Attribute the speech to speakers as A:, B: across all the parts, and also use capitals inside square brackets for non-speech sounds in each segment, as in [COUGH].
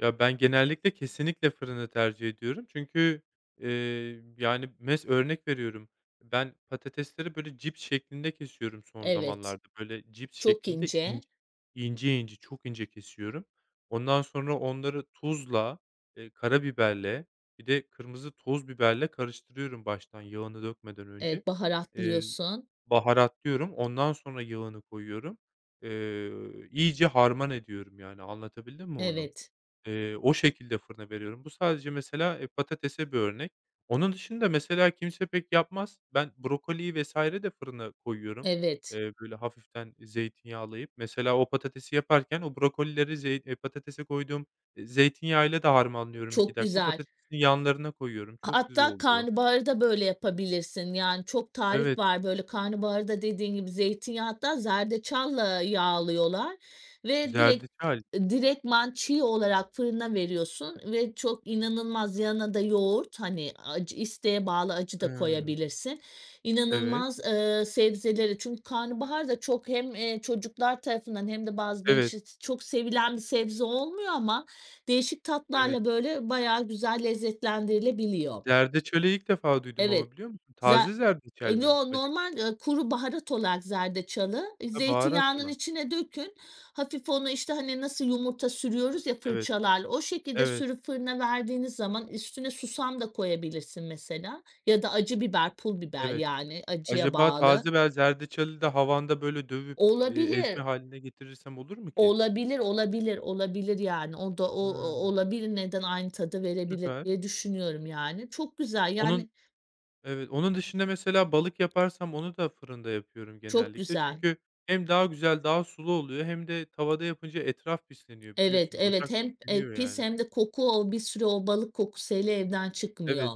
A: Ya ben genellikle kesinlikle fırını tercih ediyorum çünkü, ııı, yani mes örnek veriyorum ben patatesleri böyle cips şeklinde kesiyorum son
B: Evet,
A: zamanlarda böyle cips
B: çok
A: şeklinde
B: ince.
A: ince İnce ince çok ince kesiyorum. Ondan sonra onları tuzla, eee, karabiberle bir de kırmızı toz biberle karıştırıyorum baştan yağını dökmeden önce.
B: Evet,
A: Eee,
B: baharatlıyorsun.
A: baharatlıyorum ondan sonra yağını koyuyorum, eee, iyice harman ediyorum yani, anlatabildim mi onu?
B: Evet.
A: Eee, o şekilde fırına veriyorum. Bu sadece mesela e, patatese bir örnek. Onun dışında mesela kimse pek yapmaz. Ben brokoliyi vs. de fırına koyuyorum.
B: Evet.
A: Eee, böyle, hafiften zeytinyağlayıp mesela o patatesi yaparken o brokolileri zeyt patatese koyduğum, eee, zeytinyağı ile de harmanlıyorum 2
B: Çok
A: dakika
B: güzel.
A: patatesin yanlarına koyuyorum. Çok güzel
B: Hatta
A: oluyor.
B: karnabaharı da böyle yapabilirsin. Yani çok
A: Evet.
B: tarif var böyle karnabaharı da dediğin gibi zeytinyağı hatta zerdeçalla yağlıyorlar ve direkt
A: Zerdeçal.
B: direktman çiğ olarak fırına veriyorsun ve çok inanılmaz yanına da yoğurt hani acı isteğe bağlı acı da
A: Hıı.
B: koyabilirsin
A: Evet.
B: inanılmaz, ııı, sebzelere Çünkü karnabahar da çok hem, eee, çocuklar tarafından hem de bazı
A: Evet.
B: gençler çok sevilen bir sebze olmuyor ama değişik
A: Evet.
B: tatlarla böyle bayağı güzel lezzetlendirilebiliyor.
A: Zerdeçalı ilk defa duydum
B: Evet
A: ama biliyor musun?
B: za
A: Taze zerdeçal
B: E,
A: mi
B: no
A: acaba?
B: normal, ııı, kuru baharat olarak zerdeçalı ı
A: Hı baharat
B: zeytinyağının
A: olan.
B: içine dökün hafif onu, işte, hani nasıl yumurta sürüyoruz ya
A: Evet.
B: fırçalarla o şekilde
A: Evet.
B: sürüp fırına verdiğiniz zaman üstüne susam da koyabilirsin mesela ya da acı biber, pul biber
A: Evet.
B: yani acıya
A: Acaba taze
B: bağlı.
A: [UNINTELLIGIBLE] zerdeçalı da havanda, böyle, dövüp, eee, ezme
B: Olabilir.
A: hâline getirirsem olur mu ki?
B: Olabilir, olabilir, olabilir, yani o da o o
A: Hıı.
B: olabilir neden aynı tadı verebilir
A: Süper.
B: diye düşünüyorum yani çok güzel
A: Onun
B: yani
A: Evet, onun dışında mesela balık yaparsam onu da fırında yapıyorum
B: Çok
A: genellikle
B: güzel.
A: çünkü hem daha güzel daha sulu oluyor hem de tavada yapınca etraf pisleniyor
B: Evet,
A: biliyorsun
B: evet,
A: ocak
B: hem e,
A: pisleniyor
B: pis
A: yani.
B: hem de koku o bir süre o balık kokusu hele evden çıkmıyor.
A: Evet.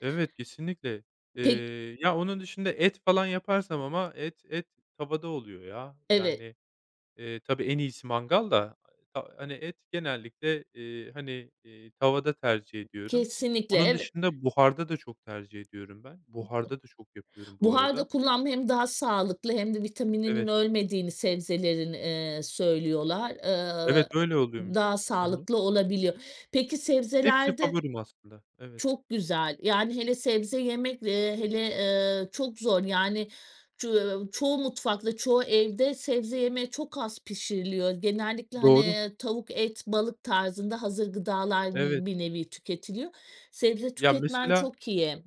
A: Evet, kesinlikle.
B: Pek
A: Eee, ya onun dışında et falan yaparsam ama et et tavada oluyor ya.
B: Evet.
A: Yani, eee, tabii, en iyisi mangal da ha hani et genellikle, eee, hani, eee, tavada tercih ediyorum.
B: Kesinlikle,
A: Onun
B: evet.
A: dışında buharda da çok tercih ediyorum ben buharda da çok yapıyorum
B: [UNINTELLIGIBLE]
A: bu
B: Buharda
A: arada.
B: kullanma hem daha sağlıklı hem de vitamininin
A: Evet.
B: ölmediğini sebzelerin, eee, söylüyorlar,
A: Evet,
B: eee,
A: öyle oluyormuş.
B: daha
A: Hı hı.
B: sağlıklı olabiliyor. Peki
A: Hepsi
B: sebzelerde
A: favorim aslında. Evet.
B: Çok güzel yani hele sebze yemekle, eee, hele, eee, çok zor yani ç çoğu mutfakta çoğu evde sebze yemeği çok az pişiriliyor genellikle hani,
A: Doğru.
B: eee, tavuk et balık tarzında hazır gıdalar
A: Evet.
B: n bir nevi tüketiliyor sebze
A: Ya,
B: tüketmen
A: mesela
B: çok iyi.